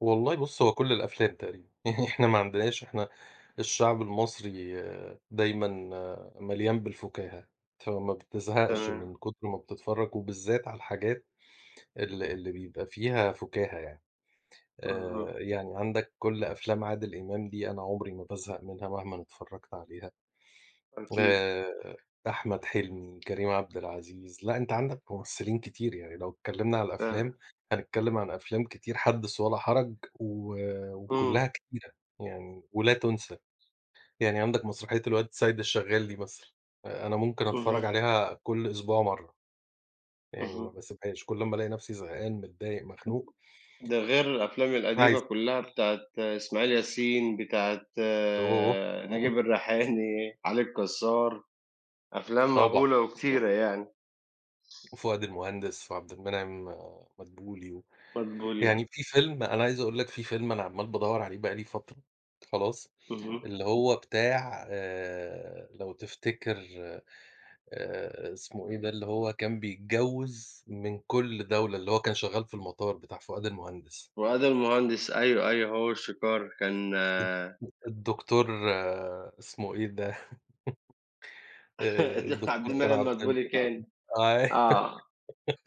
والله بُص هو كل الأفلام تقريبًا، يعني إحنا ما عندناش إحنا الشعب المصري دايمًا مليان بالفُكاهة، فما بتزهقش تمام. من كُتر ما بتتفرج وبالذات على الحاجات ال اللي بيبقى فيها فُكاهة يعني. اهم. آآ، يعني عندك كُل أفلام عادل إمام دي أنا عمري ما بازهق منها مهمًا اتفرجت عليها. أكيد. آآ، أحمد حلمي، كريم عبد العزيز، لأ، أنت عندك ممثلين كتير يعني لو اتكلمنا على الأفلام ده هنتكلم عن أفلام كتير، حدِّث ولا حرج، و وكلّها إمم. كتيرة، يعني، ولا تُنسى. يعني عندك مسرحية الواد سيد الشغال دي مثلًا، آآ، أنا ممكن أتفرج اهم. عليها كُل أسبوع مرّة، يعني ما اهم. باسيبهاش، كل أمّا ألاقي نفسي زهقان، متضايق، مخنوق. ده غير الأفلام القديمة [unintelligible] كلّها بتاعة إسماعيل ياسين، بتاعة أوه. نجيب الريحاني، علي الكسّار. أفلام طبعًا. مهولة وكتيرة يعني. وفؤاد المهندس وعبد المنعم مدبولي، و مدبولي يعني آه. في فيلم، أنا عايز أقول لك في فيلم أنا عمّال بادوَّر عليه بقى لي فترة، خلاص، اهم. اللي هو بتاع آآ لو تفتكر آآ اسمه إيه ده؟ اللي هو كان بيتجوز من كُل دولة، اللي هو كان شغال في المطار، بتاع فؤاد المهندس. فؤاد المهندس أيوه، أيوه هو وشويكار، كان الد الد الدكتور اسمه إيه ده؟ آآ د عبد الدكتور كان المنعم عبدال مدبولي كان. أيوه، آه.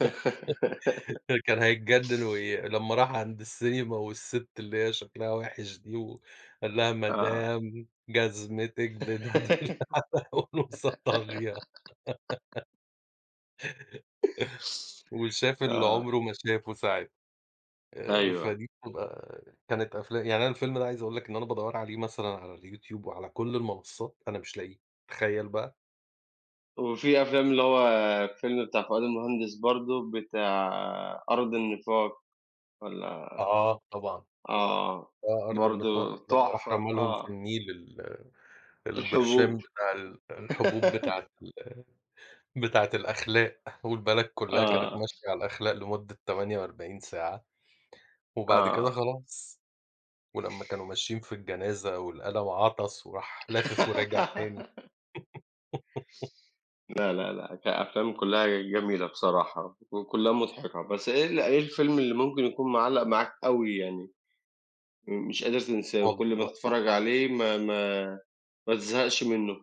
ده كان هيتجنن وي لمّا راح عند السينما والست اللي هي شكلها وِحِش دي، وقال لها آه. مدام جزمتِك [unintelligible] وشاف اللي آه. عمره ما شافه ساعتها. آآ أيوه. فدي بتبقى كانت أفلا يعني أنا الفيلم ده عايز أقول لك إن أنا بادوَّر عليه مثلًا على الYouTube وعلى كل المنصات، أنا مش لاقيه، تخيل بقى؟ وفي أفلام اللي هو الفيلم بتاع فؤاد المهندس برضه بتاع أرض النفاق والّا آه، طبعًا. آه، آه، أرض النفاق، برضه لمّا راح تحفة، رمى لهم في آه. النيل ال الحبوب. البرشام بتاع ال الحبوب بتاعة ال بتاعة الأخلاق، والبلد كلّها كانت آه. ماشية على الأخلاق لمدة 48 ساعة، وبعد كده آه. خلاص. ولمّا كانوا ماشيين في الجنازة، والأل وعطس وراح لافف وراجع تاني. لأ، لا، لا، كأفلام كلّها جميلة بصراحة وكلّها مُضحكة. بس إيه ال إيه الفيلم اللي ممكن يكون معلق معاك أوي يعني، م مش قادر تنساه، وكُل ما والله تتفرج عليه ما ما ما تزهقش منه؟